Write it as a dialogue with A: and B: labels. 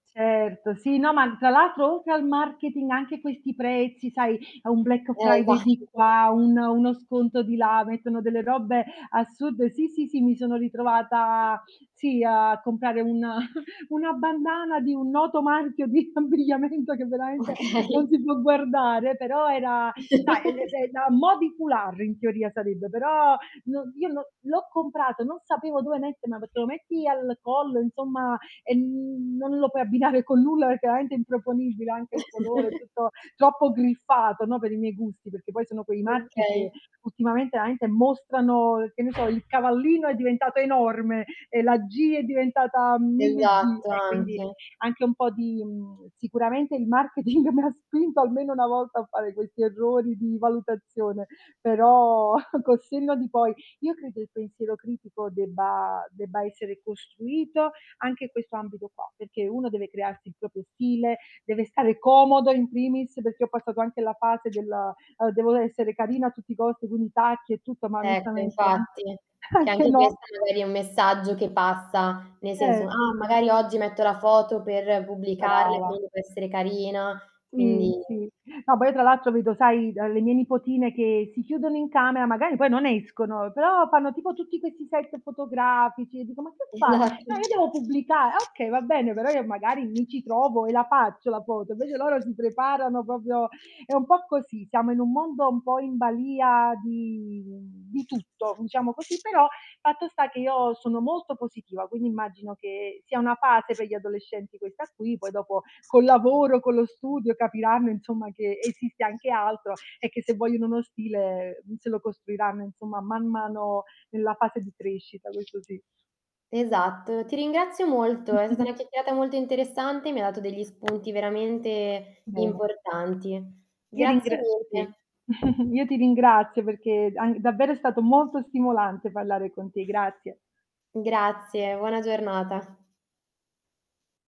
A: Certo sì no, ma tra l'altro oltre al marketing anche questi prezzi sai, a un Black
B: Eh, esa
A: Friday di qua, un uno sconto di là, mettono delle robe assurde. Sì, sì, sì mi sono ritrovata, sì a comprare un una bandana di un noto marchio di abbigliamento, che veramente non
B: Okay.
A: si può guardare, però era sai [unintelligible] a mò di foulard, in teoria sarebbe però, no io no l'ho comprato non sapevo dove mettermela, perché lo metti al collo, insomma, e, mhmm, non lo puoi abbinare con nulla perché veramente è improponibile anche il colore, è tutto troppo griffato, no, per i miei gusti, perchè poi sono quei marchi che
B: Okay.
A: ultimamente veramente mostrano, che ne so, il cavallino è diventato enorme e la "g" è diventata 1000 "g"
B: Esatto,
A: e quindi
B: anche.
A: anche un po' di, mhmm, sicuramente il marketing mi ha spinto almeno una volta a fare questi errori di valutazione, però col senno di poi io credo il pensiero critico debba debba essere costruito anche in questo ambito qua, perché uno deve crearsi il proprio stile, deve stare comodo in primis, perché ho passato anche la fase della, ehm, "dovevo essere carina a tutti i costi" con i tacchi e tutto, ma
B: Ecco,
A: onestamente a
B: infatti. Che
A: anche
B: anche
A: no.
B: questa magari è un messaggio che passa, nel senso:
A: Certo.
B: "Ah magari oggi metto la foto per pubblicarle,
A: Brava.
B: quindi devo essere carina",
A: Sì,
B: quindi
A: sì. No, poi io tra l'altro vedo sai, d le mie nipotine che si chiudono in camera, magari poi non escono, però fanno tipo tutti questi set fotografici e dico: "Ma che fai?" "Eh,
B: Esatto.
A: io devo pubblicare". Ah, okay, va bene, però io magari mi ci trovo e la faccio la foto, invece loro si preparano proprio è un po' così, siamo in un mondo un po' in balìa di di tutto, diciamo così, però fatto sta che io sono molto positiva, quindi immagino che sia una fase per gli adolescenti questa qui, poi dopo col lavoro, con lo studio, capiranno insomma che esiste anche altro e che se vogliono uno stile se lo costruiranno, insomma, man mano nella fase di crescita, questo sì.
B: Esatto, ti ringrazio molto, è stata una chiacchierata molto interessante e mi dato degli spunti veramente
A: Bene.
B: importanti.
A: Ti
B: Grazie
A: ringrazio, sì.
B: mille.
A: Io ti ringrazio perché d'an davvero è stato molto stimolante parlare con te. Grazie.
B: Grazie, buona giornata.